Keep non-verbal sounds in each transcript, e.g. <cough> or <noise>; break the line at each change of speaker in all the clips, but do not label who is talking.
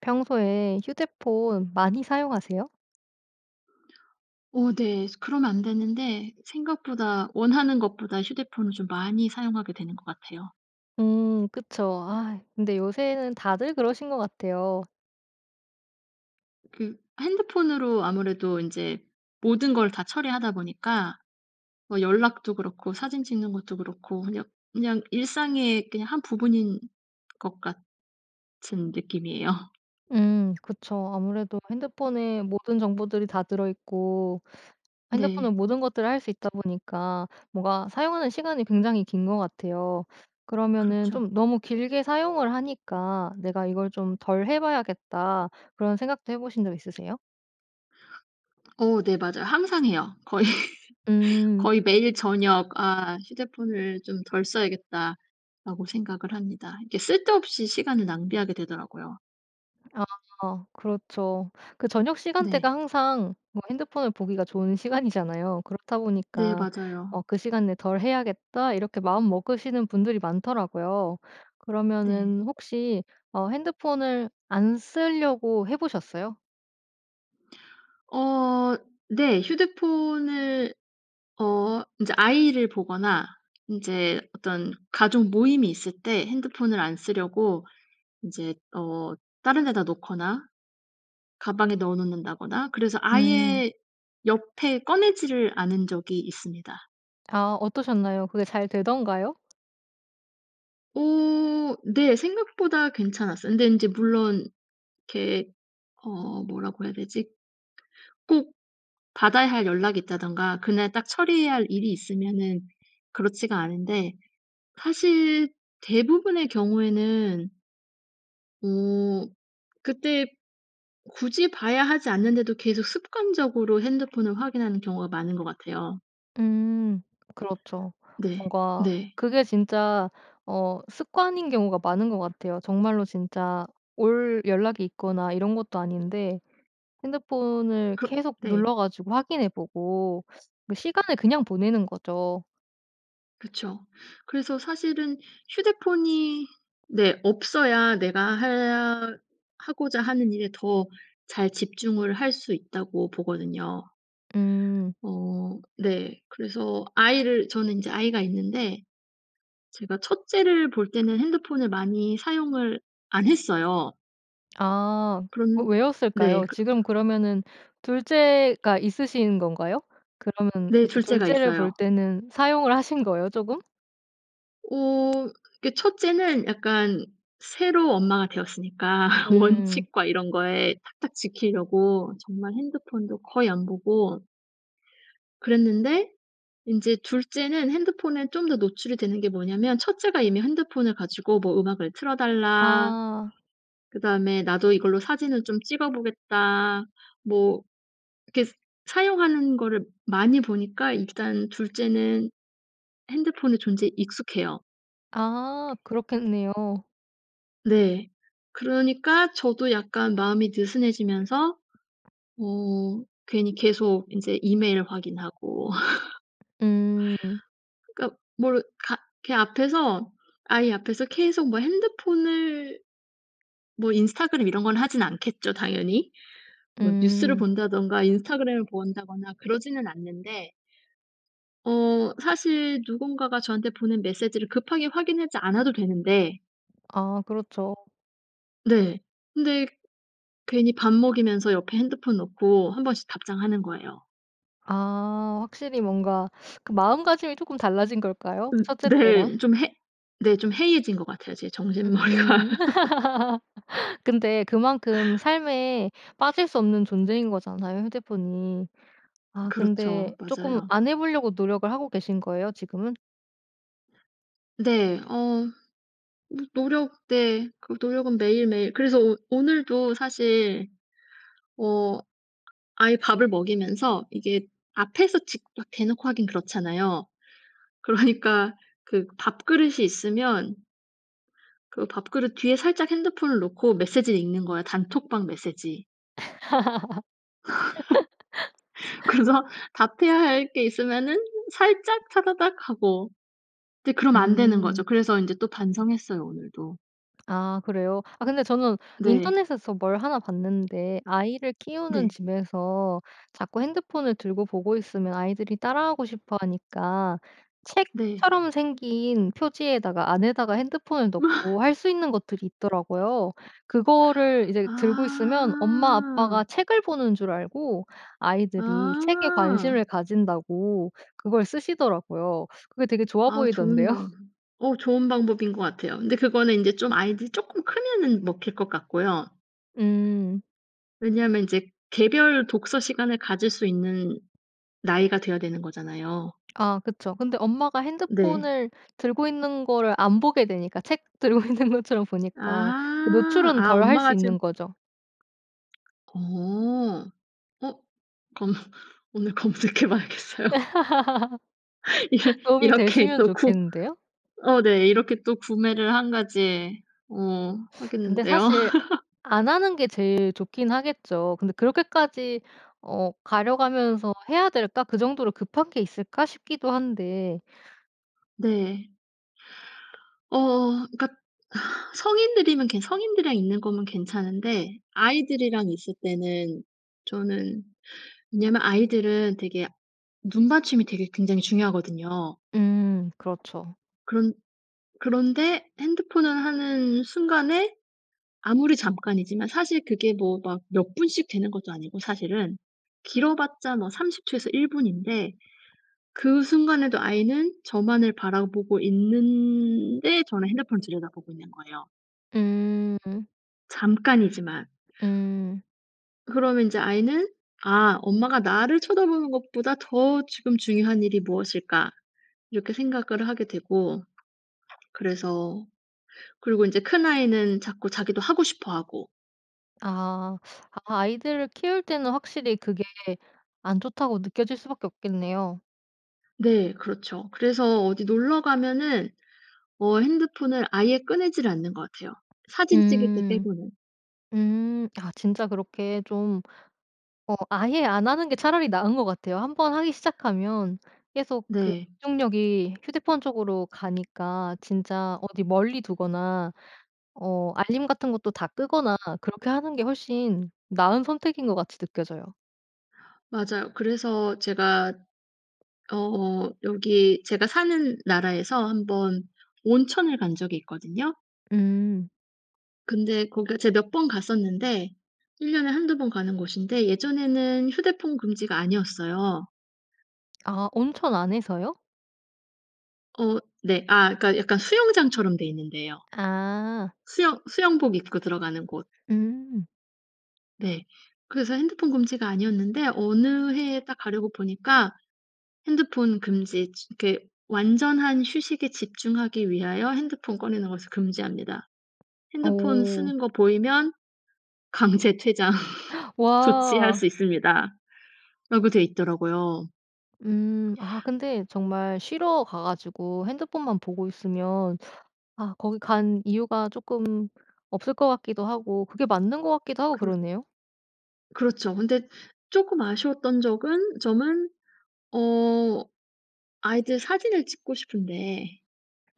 평소에 휴대폰 많이 사용하세요?
어 네. 그러면 안 되는데 생각보다 원하는 것보다 휴대폰을 좀 많이 사용하게 되는 것 같아요.
음 그쵸. 아 근데 요새는 다들 그러신 것 같아요.
그 핸드폰으로 아무래도 인제 모든 걸 다 처리하다 보니까 뭐 연락도 그렇고 사진 찍는 것도 그렇고 그냥, 그냥 일상에 그냥 한 부분인 것 같은 느낌이에요.
음 그쵸. 아무래도 핸드폰에 모든 정보들이 다 들어 있고 핸드폰은
네.
모든 것들을 할 수 있다 보니까 뭐가 사용하는 시간이 굉장히 긴 것 같아요. 그러면은
그렇죠.
좀 너무 길게 사용을 하니까 '내가 이걸 좀 덜 해 봐야겠다.' 그런 생각도 해보신 적 있으세요?
어 네, 맞아요. 항상 해요. 거의
음.
거의 매일 저녁 '아 휴대폰을 좀 덜 써야겠다.'라고 생각을 합니다. 이게 쓸데없이 시간을 낭비하게 되더라고요.
아. 그렇죠. 그 저녁 시간대가
네.
항상 뭐 핸드폰을 보기가 좋은 시간이잖아요. 그렇다
네.
보니까
맞아요.
어 '그 시간에 덜 해야겠다.' 이렇게 마음 먹으시는 분들이 많더라고요.
네.
그러면은 혹시 어 핸드폰을 안 쓰려고 해 보셨어요?
어. 네. 휴대폰을 어 인제 아이를 보거나 인제 어떤 가족 모임이 있을 때 핸드폰을 안 쓰려고 인제 어 다른 데다 놓거나 가방에 넣어 놓는다거나 그래서
음.
아예 옆에 꺼내지를 않은 적이 있습니다.
아. 어떠셨나요? 그게 잘 되던가요?
어. 네 생각보다 괜찮았어요. 근데 인제 물론 이렇게 어 뭐라고 해야 되지? 꼭 받아야 할 연락이 있다든가 그날 딱 처리해야 할 일이 있으면은 그렇지가 않은데 사실 대부분의 경우에는 어 그때 굳이 봐야 하지 않는데도 계속 습관적으로 핸드폰을 확인하는 경우가 많은 것 같아요.
음. 그렇죠.
네.
뭔가
네.
그게 진짜 어 습관인 경우가 많은 것 같아요. 정말로 진짜 올 연락이 있거나 이런 것도 아닌데 핸드폰을
그
계속
네.
눌러 가지고 확인해 보고 시간을 그냥 보내는 거죠.
그쵸. 그래서 사실은 휴대폰이 네 없어야 내가 해야 하고자 하는 일에 더 잘 집중을 할 수 있다고 보거든요.
음.
어 네. 그래서 아이를 저는 인제 아이가 있는데 제가 1 째를 볼 때는 핸드폰을 많이 사용을 안 했어요.
아. 어
그런
왜
네
였을까요?
그
지금 그러면은 2 째가 있으신 건가요? 그러면
네.
이제
2
2
째가
째를 볼
있어요.
때는 사용을 하신 거예요? 쪼금?
어. 그게 1 째는 약간 새로 엄마가 되었으니까
음.
원칙과 이런 거에 탁탁 지키려고 정말 핸드폰도 거의 안 보고 그랬는데 인제 2 째는 핸드폰에 좀 더 노출이 되는 게 뭐냐면 1 째가 이미 핸드폰을 가지고 뭐 "음악을 틀어 달라."
아.
그다음에 "나도 이걸로 사진을 좀 찍어 보겠다." 뭐 이렇게 사용하는 거를 많이 보니까 일단 2 째는 핸드폰의 존재에 익숙해요.
아 그렇겠네요.
네 그러니까 저도 약간 마음이 느슨해지면서 어 괜히 계속 인제 이메일 확인하고.
음.
<laughs> 그러니까 뭘 가 걔 앞에서 아이 앞에서 계속 뭐 핸드폰을 뭐 인스타그램 이런 건 하진 않겠죠 당연히. 뭐 뉴스를
음.
본다든가 인스타그램을 본다거나 그러지는 않는데. 어 사실 누군가가 저한테 보낸 메시지를 급하게 확인하지 않아도 되는데
아 그렇죠.
네. 근데 괜히 밥 먹이면서 옆에 핸드폰 놓고 한번씩 답장하는 거예요.
아 확실히 뭔가 <sucks teeth> 그 마음가짐이 쪼금 달라진 걸까요
음
1 째 때랑?
네. 좀 해 네 좀 해이해진 것 같아요 제 정신머리가.
으음.
<laughs>
<laughs> 근데 그만큼 삶에 빠질 수 없는 존재인 거잖아요 휴대폰이. 아
그렇죠
근데 쪼끔
맞아요.
안 해 보려고 노력을 하고 계신 거예요 지금은?
네 어. 노 노력 네 그 노력은 매일매일 그래서 오 오늘도 사실 어 아예 밥을 먹이면서 이게 앞에서 직 여 대놓고 하긴 그렇잖아요. 그러니까 그 밥그릇이 있으면 그 밥그릇 뒤에 살짝 핸드폰을 놓고 메시지를 읽는 거야 단톡방 메시지. <laughs>
<laughs>
그래서 답해야 할 게 있으면은 살짝 타다닥 하고. 이제 그러면 안 되는 거죠.
음.
그래서 인제 또 반성했어요 오늘도.
아 그래요? 아 근데 저는
네.
인터넷에서 뭘 하나 봤는데 아이를 키우는
네.
집에서 자꾸 핸드폰을 들고 보고 있으면 아이들이 따라하고 싶어 하니까
네.
책처럼 생긴 표지에다가 안에다가 핸드폰을 넣고
<laughs>
할 수 있는 것들이 있더라구요. 그거를 이제 들고 있으면 엄마 아빠가
아.
책을 보는 줄 알고 아이들이 책에 관심을
아.
가진다고 그걸 쓰시더라고요. 그거 되게
아유 좋은
좋아보이던데요.
방법 어 좋은 방법인 것 같아요. 근데 그거는 인제 좀 아이들이 쪼끔 크면은 먹힐 것 같고요.
음.
왜냐하면 인제 개별 독서 시간을 가질 수 있는 나이가 돼야 되는 거잖아요.
아 그쵸. 근데 엄마가
네.
핸드폰을 들고 있는 거를 안 보게 되니까 책 들고 있는 것처럼 보니까 그
아.
노출은
아
덜 할 수
엄마가 지금
있는 거죠.
어 어 그러면 오늘 검색해 봐야겠어요.
<laughs>
<laughs> 이게
도움이
이렇게
되시면
또 구
좋겠는데요.
어 네 이렇게 또 구매를 1 가지 어
<sucks teeth> 근데
하겠는데요.
사실
<laughs>
안 하는 게 제일 좋긴 하겠죠. 근데 '그렇게까지 어 가려 가면서 해야 될까? 그 정도로 급한 게 있을까?' 싶기도 한데.
네. 어 그니까 <sighs> 성인들이면 성인들이랑 있는 거면 괜찮은데 아이들이랑 있을 때는 저는 왜냐하면 아이들은 되게 눈맞춤이 되게 굉장히 중요하거든요.
음 그렇죠.
그런 그런데 핸드폰을 하는 순간에 아무리 잠깐이지만 사실 그게 뭐 막 몇 분씩 되는 것도 아니고 사실은 길어봤자 뭐 30 초에서 1 분인데 그 순간에도 아이는 저만을 바라보고 있는데 저는 핸드폰을 들여다보고 있는 거예요.
음.
잠깐이지만.
음.
그러면 인제 아이는 '아 엄마가 나를 쳐다보는 것보다 더 지금 중요한 일이 무엇일까?' 이렇게 생각을 하게 되고 그래서 그리고 인제 큰 아이는 자꾸 자기도 하고 싶어 하고.
아. 아 아이들을 키울 때는 확실히 그게 안 좋다고 느껴질 수 밖에 없겠네요.
네 그렇죠. 그래서 어디 놀러 가면은 어 핸드폰을 아예 꺼내지 않는 것 같아요 사진 찍을 때
음
빼고는.
음. 아 진짜 그렇게 좀 어 아예 안 하는 게 차라리 나은 것 같아요. 한번 하기 시작하면 계속 그
네.
집중력이 휴대폰 쪽으로 가니까 진짜 어디 멀리 두거나 어 알림 같은 것도 다 끄거나 그렇게 하는 게 훨씬 나은 선택인 것 같이 느껴져요.
맞아요. 그래서 제가 어 여기 제가 사는 나라에서 1 번 온천을 간 적이 있거든요.
음.
근데 거기가 제가 몇 번 갔었는데 1 년에 1-2 번 가는 곳인데 예전에는 휴대폰 금지가 아니었어요.
아 온천 안에서요?
어 네. 아 그러니까 약간 수영장처럼 돼 있는 데예요.
아.
수영 수영복 입고 들어가는 곳.
음.
네. 그래서 핸드폰 금지가 아니었는데 어느 해에 딱 가려고 보니까 핸드폰 금지 지 그 "완전한 휴식에 집중하기 위하여 핸드폰 꺼내는 것을 금지합니다. 핸드폰
오.
쓰는 것 보이면 강제 퇴장
<gasps>
조치할
와.
수 있습니다."라고 돼 있더라고요.
음. 아 근데 정말 쉬러 가 가지고 핸드폰만 보고 있으면 아 거기 간 이유가 쪼끔 없을 것 같기도 하고 그게 맞는 것 같기도 하고
그렇
그러네요.
그렇죠. 근데 쪼끔 아쉬웠던 적은 점은 어 아이들 사진을 찍고 싶은데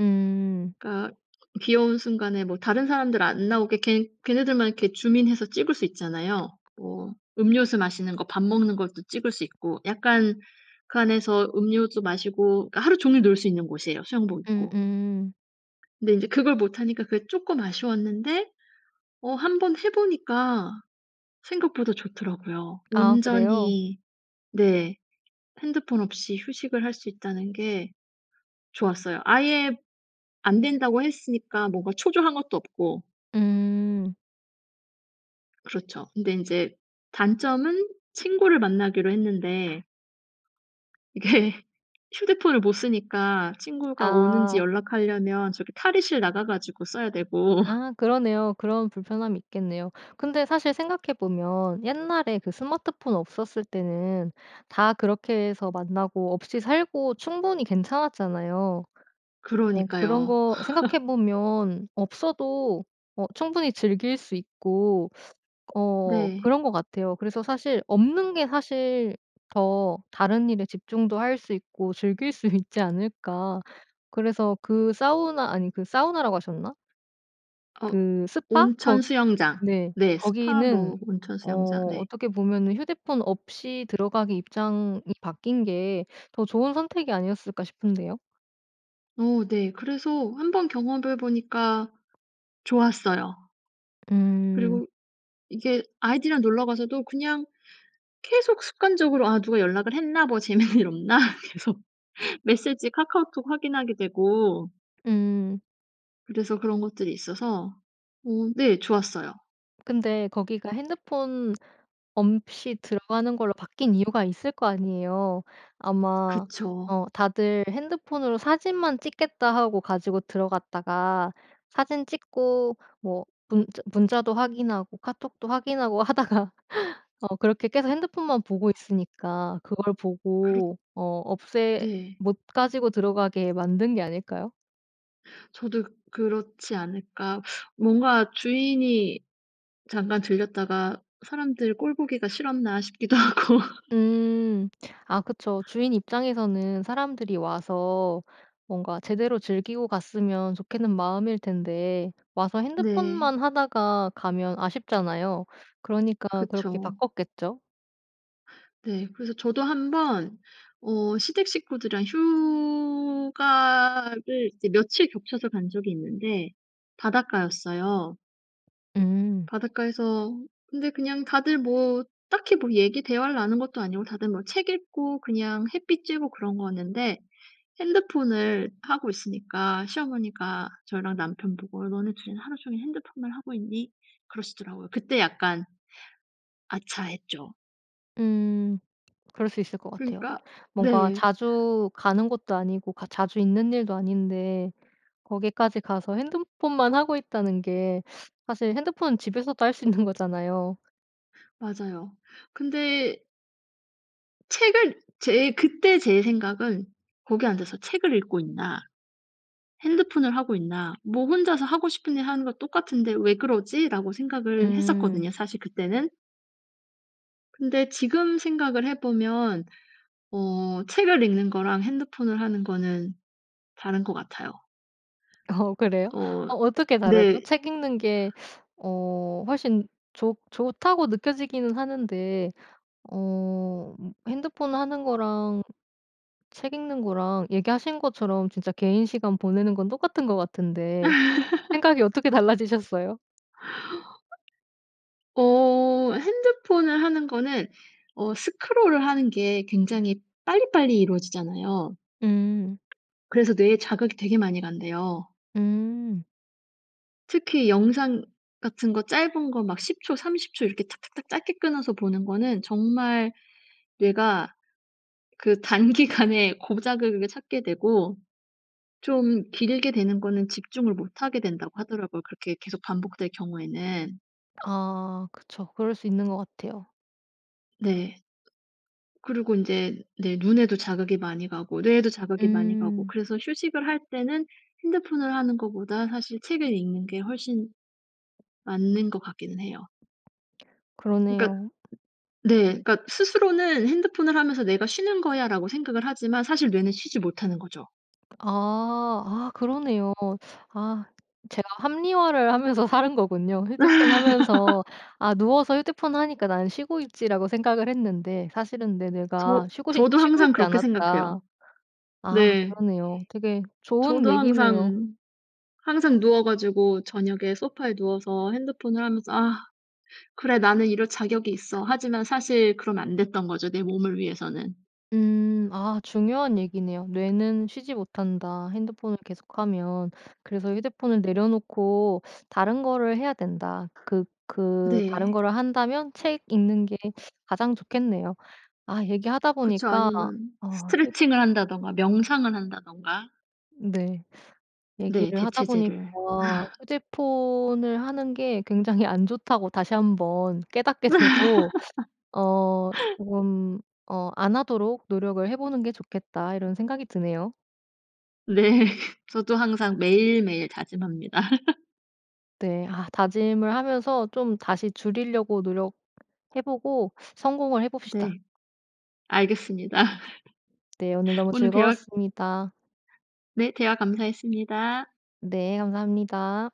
음.
그러니까 귀여운 순간에 뭐 다른 사람들 안 나오게 걔 걔네들만 이렇게 줌인 해서 찍을 수 있잖아요. 뭐 음료수 마시는 거 밥 먹는 것도 찍을 수 있고 약간 그 안에서 음료수 마시고 그러니까 하루 종일 놀 수 있는 곳이에요 수영복 입고.
음음.
네. 인제 그걸 못하니까 그게 쪼끔 아쉬웠는데 어 한번 해 보니까 생각보다 좋더라고요.
아. 그래요?
온전히 네 핸드폰 없이 휴식을 할 수 있다는 게 좋았어요. 아예 안 된다고 했으니까 뭔가 초조한 것도 없고.
음.
그렇죠. 근데 인제 단점은 친구를 만나기로 했는데 이게 휴대폰을 못 쓰니까 친구가 오는지
아.
연락하려면 저기 탈의실 나가 가지고 써야 되고
아. 그러네요. 그런 불편함이 있겠네요. 근데 사실 생각해 보면 옛날에 그 스마트폰 없었을 때는 다 그렇게 해서 만나고 없이 살고 충분히 괜찮았잖아요. 어 그런
그러니까요.
거
<laughs>
생각해 보면 없어도 어 충분히 즐길 수 있고 어
네.
그런 것 같아요. 그래서 사실 없는 게 사실 더 다른 일에 집중도 할 수 있고 즐길 수 있지 않을까. 그래서 그 사우나 아니 그 사우나라고 하셨나?
어.
그 스파?
온천
거
수영장.
네.
네 스파
거기는
뭐 온천
어
수영장. 네.
어떻게 보면은 휴대폰 없이 들어가기 입장이 바뀐 게 더 좋은 선택이 아니었을까 싶은데요.
어 네. 그래서 한번 경험을 해 보니까 좋았어요.
음.
그리고 이게 아이들이랑 놀러 가서도 그냥 계속 습관적으로 '아 누가 연락을 했나 뭐 재밌는 일 없나?' 계속 메시지 카카오톡 확인하게 되고.
음.
그래서 그런 것들이 있어서 어 네 좋았어요.
근데 거기가 핸드폰 없이 들어가는 걸로 바뀐 이유가 있을 거 아니에요. 아마
그쵸.
어 다들 핸드폰으로 사진만 찍겠다 하고 가지고 들어갔다가 사진 찍고 뭐 문자 문자도 확인하고 카톡도 확인하고 하다가 어 그렇게 계속 핸드폰만 보고 있으니까 그걸
그렇
보고 어 없애
네.
못 가지고 들어가게 만든 게 아닐까요?
저도 그렇지 않을까 <sucks teeth> 뭔가 주인이 잠깐 들렀다가 사람들 꼴 보기가 싫었나 싶기도 하고.
음 아 그쵸. 주인 입장에서는 사람들이 와서 뭔가 제대로 즐기고 갔으면 좋겠는 마음일 텐데 와서
네.
핸드폰만 하다가 가면 아쉽잖아요. 그러니까 그렇게
그쵸.
바꿨겠죠.
네, 그래서 저도 1 번 어 시댁 식구들이랑 휴가를 이제 며칠 겹쳐서 간 적이 있는데 바닷가였어요.
음.
바닷가에서 근데 그냥 다들 뭐 딱히 뭐 얘기 대화를 나눈 것도 아니고 다들 뭐 책 읽고 그냥 햇볕 쬐고 그런 거였는데 핸드폰을 하고 있으니까 시어머니가 저랑 남편 보고 "너네 2 이는 하루 종일 핸드폰만 하고 있니?" 그러시더라고요. 그때 약간 '아차.' 했죠.
음. 그럴 수 있을 것 같아요.
그러니까
뭔가
네.
자주 가는 것도 아니고 가 자주 있는 일도 아닌데 거기까지 가서 핸드폰만 하고 있다는 게 사실 핸드폰은 집에서도 할 수 있는 거잖아요.
맞아요. 근데 책을 제 그때 제 생각은 '거기에 앉아서 책을 읽고 있나 핸드폰을 하고 있나 뭐 혼자서 하고 싶은 일 하는 거 똑같은데 왜 그러지?'라고 생각을
음.
했었거든요, 사실 그때는. 근데 지금 생각을 해 보면 어 책을 읽는 거랑 핸드폰을 하는 거는 다른 것 같아요.
어 그래요?
어
어 어떻게 다르죠?
네.
책 읽는 게 어 훨씬 좋 좋다고 느껴지기는 하는데 어 핸드폰 하는 거랑 책 읽는 거랑 얘기하신 것처럼 진짜 개인 시간 보내는 건 똑같은 것 같은데
<laughs>
생각이 어떻게 달라지셨어요?
어 핸드폰을 하는 거는 어 스크롤을 하는 게 굉장히 빨리빨리 이루어지잖아요.
음.
그래서 뇌에 자극이 되게 많이 간대요.
음.
특히 영상 같은 거 짧은 거 막 10 초, 30 초 이렇게 탁탁탁 짧게 끊어서 보는 거는 정말 '뇌가 그 단기간에 고작을 그렇게 찾게 되고 좀 길게 되는 거는 집중을 못 하게 된다.'고 하더라고요 그렇게 계속 반복될 경우에는.
아 그쵸. 그럴 수 있는 것 같아요.
네. 그리고 인제 네 눈에도 자극이 많이 가고 뇌에도 자극이 많이 가고
음.
그래서 휴식을 할 때는 핸드폰을 하는 것보다 사실 책을 읽는 게 훨씬 맞는 것 같기는 해요. 그니까
그러네요.
네 그니까 스스로는 핸드폰을 하면서 '내가 쉬는거야.'라고 생각을 하지만 사실 뇌는 쉬지 못하는 거죠.
아. 아 그러네요. 아 제가 합리화를 하면서 살은 거군요. 휴대폰 하면서
<laughs>
아 '누워서 휴대폰 하니까 나는 쉬고 있지.'라고 생각을 했는데 '사실은 내 뇌가
저
쉬고 싶
저도
쉬고
항상
있지
그렇게 생각해요.
않았다.' 아
네.
그러네요. 되게 좋은
저도
얘기네요.
항상, 항상 누워 가지고 저녁에 소파에 누워서 핸드폰을 하면서 '아. 그래 나는 이럴 자격이 있어.' 하지만 사실 그러면 안 됐던 거죠 내 몸을 위해서는.
음. 아 중요한 얘기네요. '뇌는 쉬지 못한다 핸드폰을 계속하면. 그래서 휴대폰을 내려 놓고 다른 거를 해야 된다.' 그 그 다른
네.
거를 한다면 책 읽는게 가장 좋겠네요. 아 얘기하다
그쵸.
보니까
아니면
아 휴대
스트레칭을 한다든가 명상을 한다든가.
네.
네
얘기를 하다
대체제를.
보니까
<laughs>
'휴대폰을 하는 게 굉장히 안 좋다.'고 다시 한번 깨닫게 되고 어
<laughs>
'조금 어 안 하도록 노력을 해 보는게 좋겠다.' 이런 생각이 드네요.
네. 저도 항상 매일매일 다짐합니다. <laughs>
네. 아 다짐을 하면서 좀 다시 줄이려고 노력해 보고 성공을 해 봅시다.
네. 알겠습니다.
네. 오늘
<laughs>
너무
오늘 대화
즐거웠습니다.
네. 대화 감사했습니다.
네. 감사합니다.